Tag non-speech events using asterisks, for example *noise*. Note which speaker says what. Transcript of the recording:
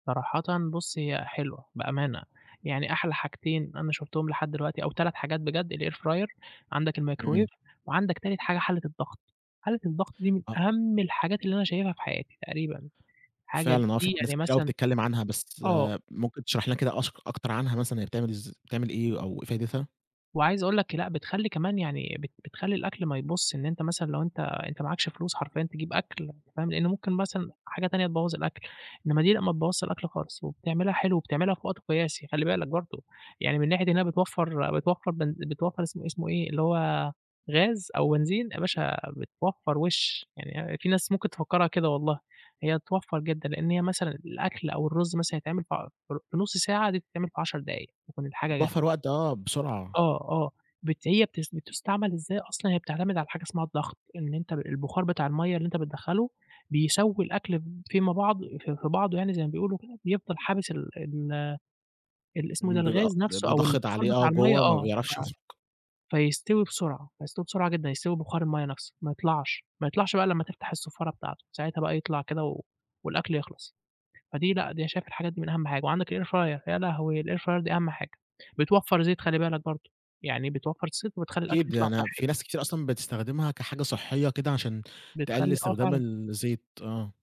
Speaker 1: صراحةً بُصّ، هي حلوة بأمانة، يعني أحلى حاجتين أنا شُفتهم لحد دلوقتي أو 3 حاجات بجد الair fryer عندك الmicrowave
Speaker 2: إمم.
Speaker 1: وعندك تالت حاجة حلّة الضغط، حلّة الضغط دي من
Speaker 2: آه.
Speaker 1: أهم الحاجات اللي أنا شايفها في حياتي تقريبًا، حاجة
Speaker 2: فعلًا آه، في
Speaker 1: دي
Speaker 2: ناس
Speaker 1: يعني
Speaker 2: كتيرة أوي
Speaker 1: مثلًا
Speaker 2: بتتكلّم عنها بس
Speaker 1: آه.
Speaker 2: ممكن تشرحلنا كده أكش أكتر عنها، مثلًا هي بتعمل إزا بتعمل إيه أو إيه فايدتها؟
Speaker 1: وعايز أقول لك لأ، بتخلّي كمان يعني بت بتخلّي الأكل ما يبوظش، إن أنت مثلًا لو أنت أنت معاكش فلوس حرفيًا تجيب أكل، أنت فاهم، لأن ممكن مثلًا حاجة تانية تبوّظ الأكل، إنّما دي لأ ما تبوّظش الأكل خالص، وبتعملها حلو، وبتعملها في وقت قياسي خلّي بالك برضه، يعني من ناحية إنها بتوفّر، بتوفّر بن بتوفر اسمه اسمه إيه، اللي هو غاز أو بنزين يا باشا بتوفّر وشّ، يعني في ناس ممكن تفكّرها كده والله، هي بتوفّر جدًا لأن هي مثلًا الأكل أو الرز مثلًا يتعمل في عش في ربع في نُصّ ساعة دي بتتعمل في 10 دقايق تكون الحاجة جاهزة.
Speaker 2: بتوفّر وقت، آه بسرعة.
Speaker 1: آه، آه بت هي بتس بتُستَعمل إزاي أصلًا، هي بتعتمد على حاجة اسمها الضغط، إن أنت البُخار بتاع المَيَّة اللي أنت بتدخّله بيسوّي الأكل ب فيما بعض في في بعضه يعني زي ما بيقولوا كده، بيفضل حابس ال ال ال اسمه إيه ده
Speaker 2: امم، بيبقى
Speaker 1: الغاز نفسُه
Speaker 2: بيبقى
Speaker 1: أو
Speaker 2: ضاغط
Speaker 1: البُخار
Speaker 2: عليه، آه،
Speaker 1: بتاع المَيَّة،
Speaker 2: جوّه، ما
Speaker 1: آه،
Speaker 2: بيعرفش يخرج.
Speaker 1: ف فيستوي بسرعة، يستوي بسرعة جدًا، يستوي ببُخار المَيَّة نفسه ما يطلعش، ما يطلعش بقى إلّا أمّا تفتح الصفارة بتاعتُه، ساعتها بقى يطلع كده و والأكل يخلص، فدي لأ
Speaker 2: *unintelligible*
Speaker 1: دي شايف الحاجات دي من أهم حاجة وعندك الair fryer يا لهوي! الair fryer دي أهم حاجة، بتوفّر زيت خلّي بالك برضه، يعني بتوفّر زيت وبتخلّي الأكل
Speaker 2: أكيد
Speaker 1: يطلع
Speaker 2: يعني في
Speaker 1: صحّي.
Speaker 2: ناس كتيرة أصلًا بتستخدمها كحاجة صحيّة كده، عشان تقلّل
Speaker 1: بتخلّي آه،
Speaker 2: إستخدام
Speaker 1: فعلًا.
Speaker 2: الزيت، آه.